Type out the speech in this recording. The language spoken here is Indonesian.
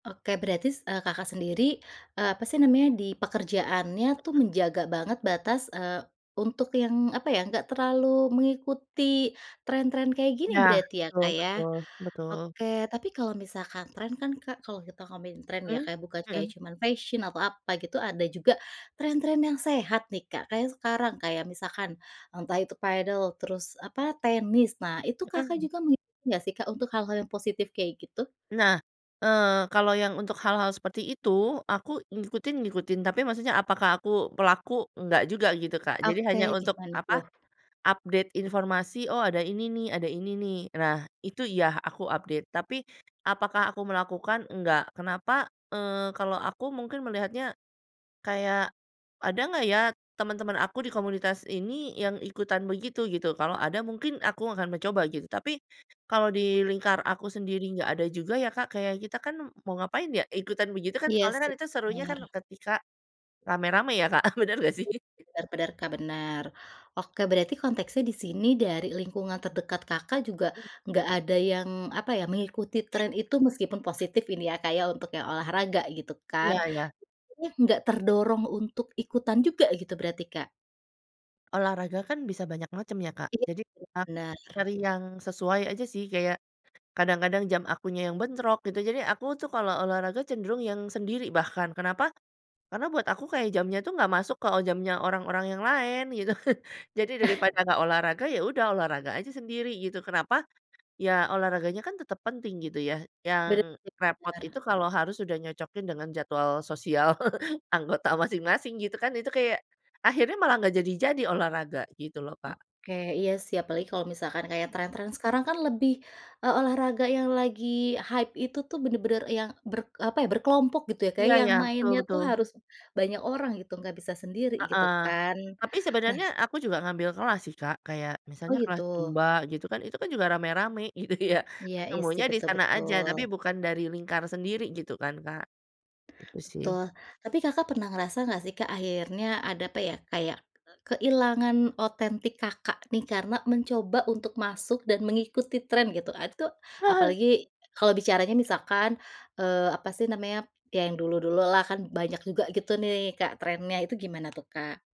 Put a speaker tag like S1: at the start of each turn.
S1: Oke. Berarti, s eee, Kakak sendiri, eee, apa sih namanya, di pekerjaannya tuh
S2: Heeh.
S1: menjaga banget batas, eee, untuk yang apa ya? Enggak terlalu mengikuti tren-tren kayak gini
S2: Ya.
S1: berarti ya,
S2: Betul
S1: Kak ya.
S2: betul betul.
S1: Oke tapi kalau misalkan tren kan, Kak kalau kita ngomongin tren ya,
S2: Mhm,
S1: Kak bukan kayak
S2: mhm.
S1: cuman fashion atau apa gitu ada juga tren-tren yang sehat nih, Kak. Kayak sekarang, kayak misalkan entah itu padel, terus apa? Tenis. Nah, itu Kakak
S2: Mhm.
S1: juga ngikutin enggak sih, Kak untuk hal-hal yang positif kayak gitu?
S2: Nah. Eee, kalo yang untuk hal-hal seperti itu, aku ngikutin-ngikutin tapi maksudnya apakah aku pelaku? Enggak juga gitu, Kak. Jadi,
S1: Oke,
S2: hanya untuk
S1: gimana
S2: apa?
S1: tuh?
S2: Update informasi, "Oh ada ini nih, ada ini nih." Nah, itu iya, aku update. Tapi apakah aku melakukan? Enggak. Kenapa? Eee, kalau aku mungkin melihatnya kayak, ada enggak ya teman-teman aku di komunitas ini yang ikutan begitu, gitu? Kalau ada, mungkin aku akan mencoba gitu. Tapi kalau di lingkar aku sendiri enggak ada juga ya, Kak, kayak kita kan mau ngapain ya ikutan begitu kan?
S1: Iya
S2: Soalnya kan
S1: sih,
S2: itu serunya kan
S1: bener.
S2: ketika rame-rame ya, Kak. Eee, bener enggak sih?
S1: Bener bener, Kak, bener. Oke, berarti konteksnya di sini dari lingkungan terdekat Kakak, juga
S2: Mhm.
S1: enggak ada yang apa ya? Mengikuti tren itu meskipun positif ini ya, Kak, ya untuk yang olahraga gitu kan?
S2: Iya iya.
S1: Maksudnya, enggak terdorong untuk ikutan juga gitu berarti, Kak?
S2: Olahraga kan bisa banyak macam ya, Kak. Jadi,
S1: [unintelligible]
S2: aku
S1: Bener.
S2: cari yang sesuai aja sih, kaya kadang-kadang jam akunya yang bentrok gitu, jadi aku tuh kalau olahraga cenderung yang sendiri bahkan, kenapa? Karena buat aku kayak jamnya tuh enggak masuk ke jamnya orang-orang yang lain gitu. Jadi daripada enggak olahraga, ya udah olahraga aja sendiri gitu. Kenapa? Ya olahraganya kan tetap penting gitu ya, yang
S1: Bener,
S2: repot itu
S1: bener.
S2: kalau harus udah nyocokin dengan jadwal sosial anggota masing-masing gitu kan, itu kayak akhirnya malah enggak jadi-jadi olahraga gitu loh, Kak.
S1: Oke. Iya sih, apalagi kalau misalkan kayak tren-tren sekarang kan lebih, eee, olahraga yang lagi hype itu tuh bener-bener yang ber apa ya? Berkelompok gitu ya, Kak,
S2: Iya
S1: ya, yang
S2: iya, betul
S1: mainnya tuh
S2: betul.
S1: harus banyak orang gitu enggak bisa sendiri gitu
S2: Heeh.
S1: kan?
S2: Tapi
S1: Nah
S2: sebenarnya, aku juga ngambil kelas sih, Kak. Kayak
S1: Oh,
S2: misalnya kelas
S1: gitu.
S2: zumba gitu kan. Itu kan juga rame-rame gitu ya,
S1: Iya, isi.
S2: ketemunya di
S1: betul
S2: sana aja,
S1: betul.
S2: tapi bukan dari lingkar sendiri gitu kan, Kak. Gitu sih.
S1: Betul. Tapi Kakak, pernah ngerasa enggak sih, Kak, akhirnya ada apa ya? Kayak, eee, kehilangan otentik, Kakak nih, karena mencoba untuk masuk dan mengikuti tren gitu. Ad tuh,
S2: Heeh.
S1: apalagi kalau bicaranya misalkan, eee, apa sih namanya, ya yang dulu-dulu lah, kan banyak juga gitu nih, Kak, trennya itu gimana tuh, Kak?